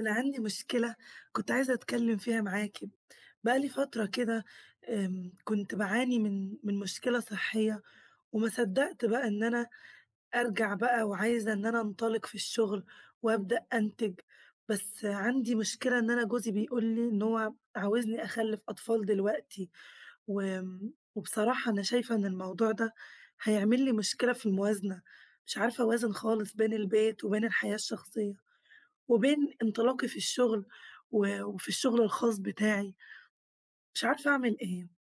أنا عندي مشكلة كنت عايزة أتكلم فيها معاكِ. بقى لي فترة كده آمم كنت باعاني من من مشكلة صحية وما صدّقت بقى إن أنا أرجع بقى وعايزة إن أنا أنطلّق في الشغل، وأبدأ أنتج. بس عندي مشكلة إن أنا جوزي بيقول لي إن هو عاوزني أخلف أطفال دلوقتي، و وبصراحة أنا شايفة إن الموضوع ده هيعمل لي مشكلة في الموازنة، مش عارفة أوازن خالص بين البيت وبين الحياة الشخصية وبين إنطلاقي في الشغل، و وفي الشغل الخاص بتاعي مش عارفه اعمل إيه.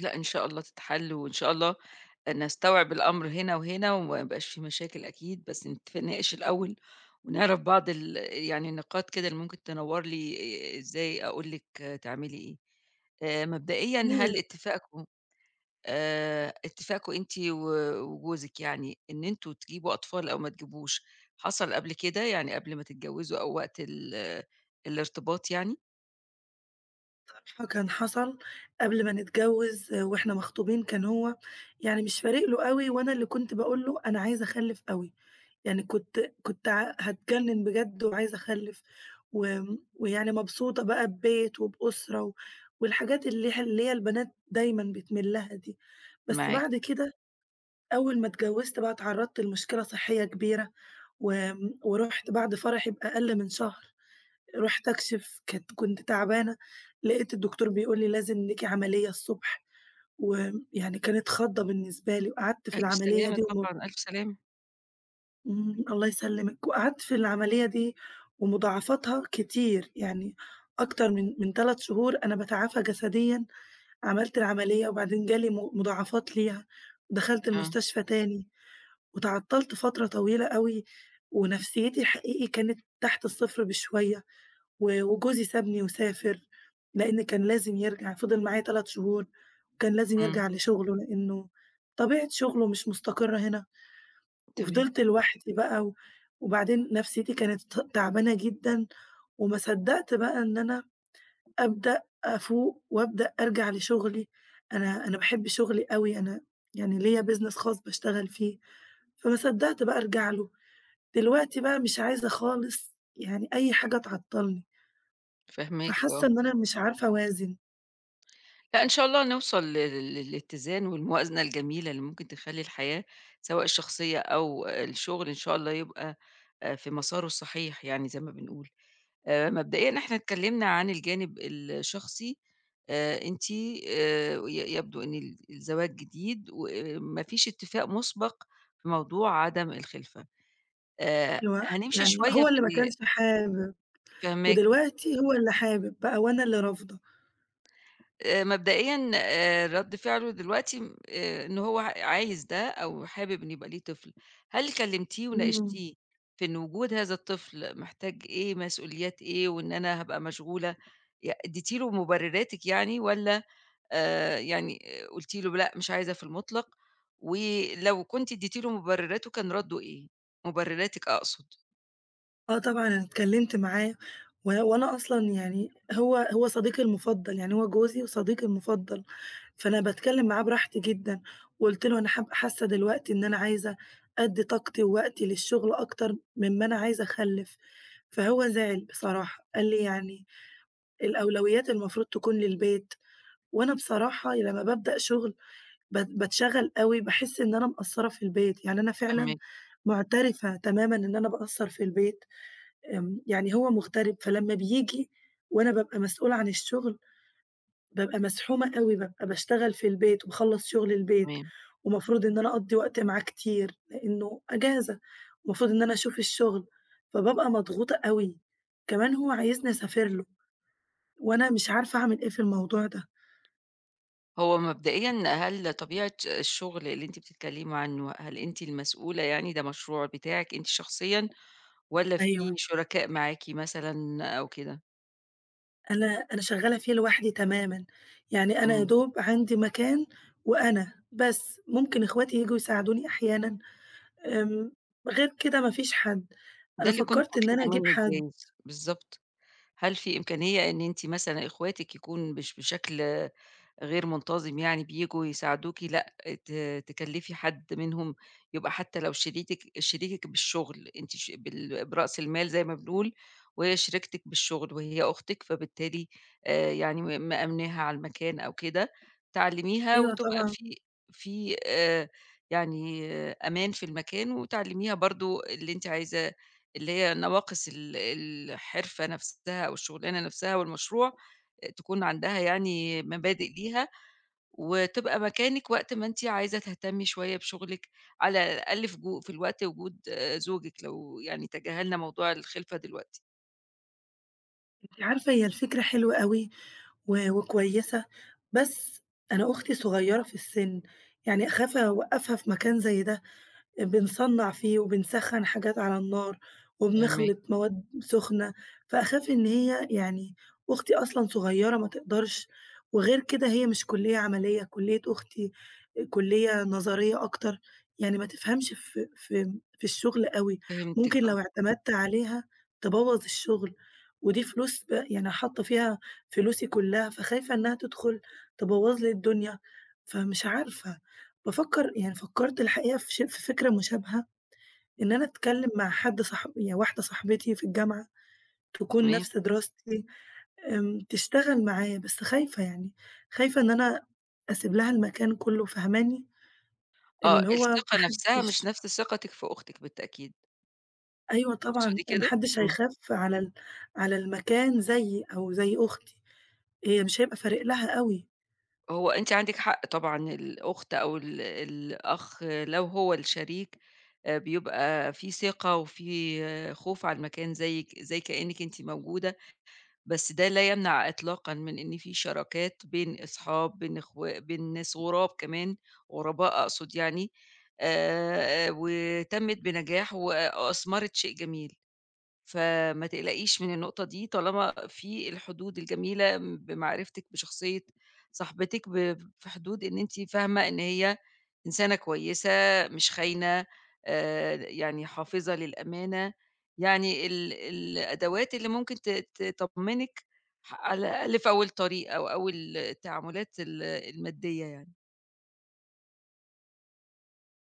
لأ إن شاء الله تتحل، وإن شاء الله نستوعب الأمر هنا وهنا وما يبقاش في مشاكل أكيد، بس نتفق نناقش الأول ونعرف بعض ال يعني النقاط كده اللي ممكن تنوّر لي إ إ إزاي أقول لِك تعملي إيه. آآ مبدئيًا هل [unintelligible] اتفاقكم آآ اتفاقكم أنتِ و وجوزك يعني إن أنتم تجيبوا أطفال أو ما تجيبوش حصل قبل كده يعني قبل ما تتجوزوا أو وقت ال الإرتباط يعني؟ ف فكان حصل قبل ما نتجوز، وإحنا مخطوبين كان هو يعني مش فارق له أوي، وأنا اللي كنت باقول له: "أنا عايزة أخلّف أوي"، يعني كنت كنت ع هاتجنّن بجد وعايزة أخلّف و ويعني مبسوطة بقى ببيت وبأسرة و والحاجات اللي ه اللي هي البنات دايمًا بتميل لها دي. بس معاكِ. بعد كده أول ما اتجوزت بقى اتعرّضت لمشكلة صحية كبيرة، وآمم، ورُحت بعد فرحي بأقل من شهر رُحت أكشف. كانت كنت تعبانة، لقيت الدكتور بيقول لي لازم ليكِ عملية الصبح، ويعني كانت خضّة بالنسبة لي، وقعدت في ألف العملية سلامة دي و طبعًا، ألف سلامة. إمم، الله يسلمِك. وقعدت في العملية دي ومُضاعفتها كتير، يعني أكتر من من 3 شهور أنا باتعافى جسديًا. عملت العملية وبعدين جا لي م مضاعفات ليها. دخلت آه. المستشفى تاني، واتعطلت فترة طويلة أوي ونفسيتي حقيقي كانت تحت الصفر بشوية، و وجوزي سابني وسافر، لأن كان لازم يرجع، فضِل معايا 3 شهور كان لازم إمم. يرجع لشغله، لأنه طبيعة شغله مش مستقرة هنا. تمام. وفضلت لوحدي بقى، و وبعدين نفسيتي كانت ت تعبانة جدًا، وما صدّقت بقى إن أنا أبدأ أفوق، وأبدأ أرجع لشغلي. أنا أنا باحب شغلي أوي، أنا يعني ليّا business خاص باشتغل فيه، فما صدّقت بقى أرجع له. دلوقتي بقى مش عايزة خالص يعني أي حاجة تعطلني فاهماكِ فحاسة آه. إن أنا مش عارفة أوازن. لأ إن شاء الله نوصل ل ل للإتزان والموازنة الجميلة اللي ممكن تخلّي الحياة- سواء الشخصية أو الشغل- إن شاء الله يبقى آآ، في مساره الصحيح يعني زي ما بنقول. آآ، مبدئيًا إحنا اتكلمنا عن الجانب الشخصي آآ، أنتِ آآ ي يبدوا إن ال الزواج جديد وما فيش اتفاق مُسبق في موضوع عدم الخِلفة آآ، هو هنمشي يعني شوية هو اللي في ما ال كانش حابب، فاهماكِ. ودلوقتي هو اللي حابب بقى وأنا اللي رافضة. آآ، مبدئيًا آآ، رَد فِعله دلوقتي م آآ، إن هو عايز ده أو حابب إن يبقى ليه طفل هل كلّمتيه إمم. وناقشتيه في إن وجود هذا الطفل محتاج إيه مسؤوليات إيه وإن أنا هابقى مشغولة ي اديتِ له مُبرِّراتِك يعني، والّا آآ، يعني قلتِ له لأ مش عايزة في المطلق ولو كنتِ اديتِ له مُبرِّراته كان ردُه إيه؟ مُبرِّراتِك أقصد. آه طبعًا، أنا اتكلمت معاه و وأنا أصلًا يعني هو هو صديقي المُفضل، يعني هو جوزي وصديقي المُفضل فأنا باتكلم معاه براحتي جدًا، وقُلت له: "أنا حاب حاسة دلوقتي إن أنا عايزة أدّي طاقتي ووقتي للشغل أكتر من ما أنا عايزة أخلِّف"، فهو زعل بصراحة، قال لي: "يعني الأولويات المفروض تكون للبيت"، وأنا بصراحة لمّا بابدأ شغل ب باتشغل أوي، باحس إن أنا مقصرة في البيت. يعني أنا فعلًا فاهماكِ. مُعترفة تمامًا إن أنا باقصَّر في البيت. آمم، يعني هو مُغترب فلمّا بييجي وأنا بابقى مسؤولة عن الشغل بابقى مزحومة أوي، بابقى باشتغل في البيت وباخلّص شُغل البيت تمام. ومفروض إن أنا أقضّي وقت معاه كتير؛ لأنه أجازة ومفروض إن أنا أشوف الشغل فبابقى مضغوطة أوي. كمان هو عايزني أسافر له، وأنا مش عارفة أعمل إيه في الموضوع ده. هو مبدئيًا، هل طبيعة الشغل، اللي أنتِ بتتكلمي عنه، هل أنتِ المسؤولة يعني ده مشروع بتاعِك أنتِ شخصيًا، والّا في أيوه. شركاء معاكِ مثلًا أو كده؟ أنا أنا شغّالة فيه لوحدي تمامًا، يعني أنا يا امم. دوب عندي مكان وأنا، بس، ممكن اخواتي ييجوا يساعدوني أحيانًا. آمم. غير كده ما فيش حد. ده أنا اللي كنت فكّرت إن أنا باطلُبه أجيب منِك حد. جايز بالضبط. هل في إمكانية إن أنتِ مثلًا إخواتِك يكون مش بشكل غير منتظم يعني بييجوا يساعدوكِ، لأ ت تكلّفي حد منهُم يبقى حتى لو شريكِك شريكِك بالشغل، أنتِ ش بال برأس المال زي ما بنقول، وهي شريكتِك بالشغل وهي أختِك، فبالتالي آآ يعني م مأمناها على المكان أو كده، تعلّميها أيوه وتبقى طبعًا. في في آآ، يعني أمان في المكان، وتعلّميها برضه اللي أنتِ عايزة اللي هي نواقص ال الحِرفة نَفْسها أو الشغلانة نَفْسها والمشروع، آآ تكون عندها يعني مبادئ ليها، وتبقى مكانِك وقت ما أنتِ عايزة تهتمّي شوية بشغلِك، على الأقل في جو في الوقت وجود زوجِك، لو يعني تجاهلنا موضوع الخِلفة دلوقتي. أنتِ عارفة، هي الفكرة حلوة أوي، و وكويسة، بس أنا أختي صغيّرة في السِّن، يعني أخاف أوقّفها في مكان زي ده. آآ، بنصنّع فيه وبنسخّن حاجات على النار، فاهماكِ. وبنخلِط مواد سُخنة، فأخاف إن هي يعني، أختي أصلًا صغيّرة ما تقدَرش. وغير كده هي مش كُلّية عمليّة، كُلّية أختي آآ، كُلّية نظرية أكتر، يعني ما تفهَمش في في في الشغل أوي. فهمتِك ممكن آه. لو اعتمدت عليها تبوّظ الشغل. ودي فلوس ب يعني حاطّه فيها فلوسي كلّها، فخايفة إنها تدخُل تبوّظ لي الدنيا. فمش عارفة، بافكّر يعني فكّرت الحقيقة في ش في فكرة مشابهة، إن أنا أتكلّم مع حد صاح هي واحدة صاحبتي في الجامعة، تكون تمام. نَفْس دراستي، آمم، تشتغل معايا. بس خايفة يعني، خايفة إن أنا أسيب لها المكان كلّه، فاهماني، آه، اللي هو الثقة ما نَفْسها مش حدّش نَفْس ثقتِك في أختِك بالتأكيد. أيوه طبعًا، تقصدي ما كده؟ حدش إمم. هيخاف على ال على المكان زيي أو زي أختي، هي مش هيبقى فارق لها أوي. هو أنتِ عندِك حق طبعًا، الأخت أو ال الأخ لو هو الشريك آآ، بيبقى في ثقة وفي خوف على المكان زيك زي كأنِك أنتِ موجودة، بس ده لا يمنع إطلاقًا من إن في شراكات بين أصحاب، بين إخو بين ناس غراب كمان، غرباء أقصد يعني آآ، وتمت بنجاح و وأثمرت شيء جميل، فما تقلقيش من النقطة دي طالما في الحدود الجميلة بمعرفتك بشخصية صاحبتِك، ب في حدود إن أنتِ فاهمة إن هي إنسانة كويسة مش خاينة آآ، يعني حافظة للأمانة يعني ال الأدوات اللي ممكن ت ت تطمنِك ح على الأقل في أول الطريق أو أول التعاملات ال المادية يعني.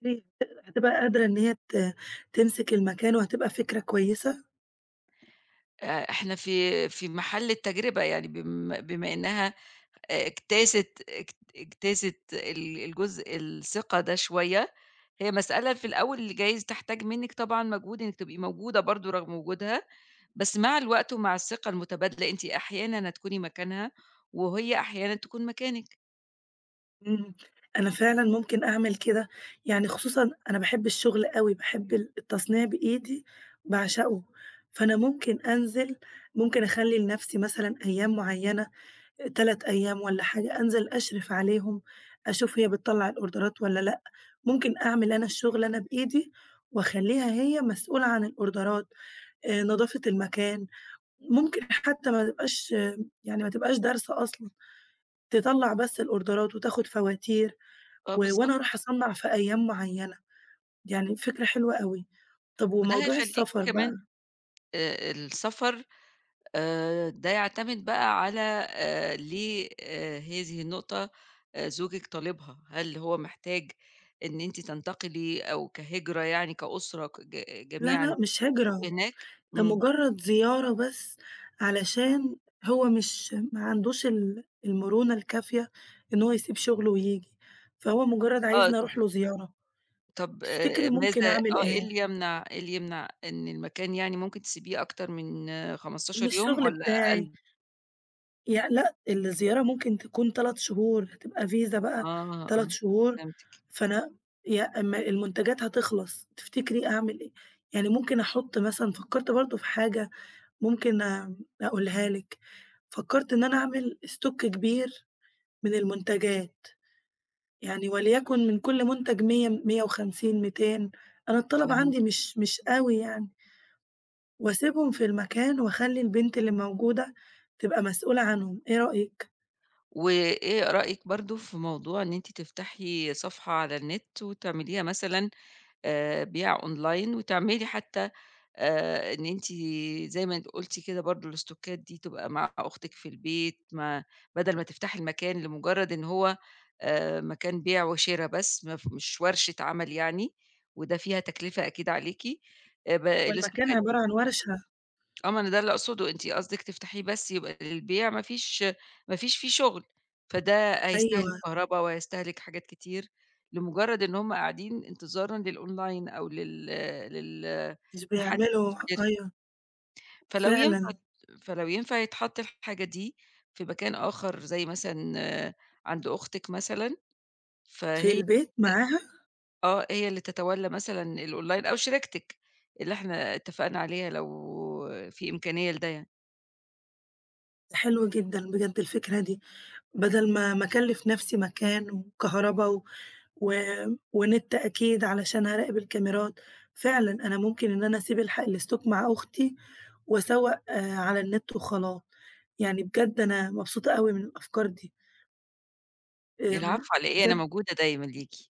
هي ت هتبقى قادرة إن هي ت تمسك المكان وهتبقى فكرة كويسة؟ آآ، إحنا في في محل التجربة يعني، بم بما إنها آآ، اجتازت اجت اجتازت ال الجزء الثقة ده شوية، هي مسألة في الأول جايز تحتاج منِك طبعًا مجهود إنِك تبقي موجودة برضه رغم وجودها، بس مع الوقت ومع الثقة المتبادلة أنتِ أحيانًا هتكوني مكانها، وهي أحيانًا تكون مكانِك. إمم، أنا فعلًا ممكن أعمل كده، يعني خصوصًا أنا باحب الشغل أوي، باحب ال التصنيع بإيدي باعشقه، فأنا ممكن أنزل، ممكن أخلّي لنفسي مثلًا أيام معيّنة 3 أيام والّا حاجة أنزل أشرف عليهم أشوف هي بتطّلع الأوردرات والّا لأ، ممكن أعمل أنا الشغل أنا بإيدي وأخلّيها هي مسؤولة عن الأوردرات آآ، نضافة المكان، ممكن حتى ما تبقاش يعني ما تبقاش دارسة أصلًا تطلّع بس الأوردرات وتاخد فواتير آه، و بالضبط. وأنا أروح أصنَّع في أيام معيّنة، يعني فكرة حلوة أوي، طب وده وموضوع هيخلِّيكِ السفر بقى؟ كمان آآ، آآ السفر آآ، ده يعتمد بقى على آآ، ليه آآ، هي دي النقطة آآ، زوجك طالبها هل هو محتاج إن أنتِ تنتقلِي أو كهجرة يعني كأسرة كج لأ، جميعًا لأ، مش هجرة تبقوا هناك؟ ده إمم. مجرد زيارة بس، علشان هو مش ما عندوش ال المرونة الكافية إن هو يسيب شغله وييجي، فهو مجرد آه. عايزني أروح له زيارة، طَب تفتكري آآ، ماذا ممكن أعمل آه، إيه إيه؟ اللي يمنع، إيه اللي يمنع، إن المكان يعني ممكن تسيبيه أكتر من إن 15 يوم الشغل والّا بتاعي أقل؟ يع لأ، الزيارة ممكن تكون 3 شهور هتبقى فيزا بقى آه، آه، 3 شهور فهمتِك. فأنا يا أما المنتجات هتخلص تفتكري أعمل إيه؟ يعني ممكن أحط مثلًا فكّرت برضه في حاجة ممكن أقولها لِك فكّرت إن أنا أعمل Stock كبير من المنتجات. يعني وليكن من كل منتج 100، 150، 200 أنا الطلب عندي فهمتِك. مش مش أوي يعني. وأسيبهم في المكان وأخلّي البنت اللي موجودة تبقى مسؤولة عنهم، إيه رأيِك؟ وإيه رأيِك برضه في موضوع إن أنتِ تفتحي صفحة على النِت وتعمليها مثلًا، آآ، بيع أونلاين وتعملي حتّى آآ إن أنتِ زي ما أنتِ قُلتِ كده برضه الاستوكات دي تبقى مع أختِك في البيت ما بَدَل ما تفتحي المكان لمُجرّد إن هو آآ مكان بيع وشِرا بس ما ف مش ورشة عمل يعني وده فيها تكلفة أكيد عليكِ، آآ ب هو المكان الاستوكات دي عبارة عن ورشة. آه، ما أنا ده اللي أقصده، أنتِ قصدِك تفتحيه بس يبقى للبيع ما فيش ما فيش فيه شُغل، فده هيستهلك أيوه. كهربا وهيستهلك حاجات كتير لمُجرّد إن هم قاعدين انتظارًا للأونلاين أو لل لل مش لحد بيعملوا يشتري. أيوه. فلو ينفع ت فعلًا. فلو ينفع يتحط الحاجة دي في مكان آخَر زي مثلًا عند أختِك مثلًا، في فهي البيت معاها؟ [unintelligible] آه، هي اللي تتولّى مثلًا الأونلاين أو شريكتِك، اللي إحنا اتفقنا عليها لو في إمكانية لده يعني. حلو جدًا بجد الفكرة دي، بَدَل ما ما أكلِّف نَفْسي مكان وكهربا و و ونِت أكيد علشان هاراقب الكاميرات، فعلًا أنا ممكن إن أنا أسيب الحا الاستوك مع أختي وأسوَّق على النت وخلاص. يعني بجد أنا مبسوطة أوي من الأفكار دي. آمم، العفو على إيه؟ أنا بجد موجودة دايمًا ليكِ.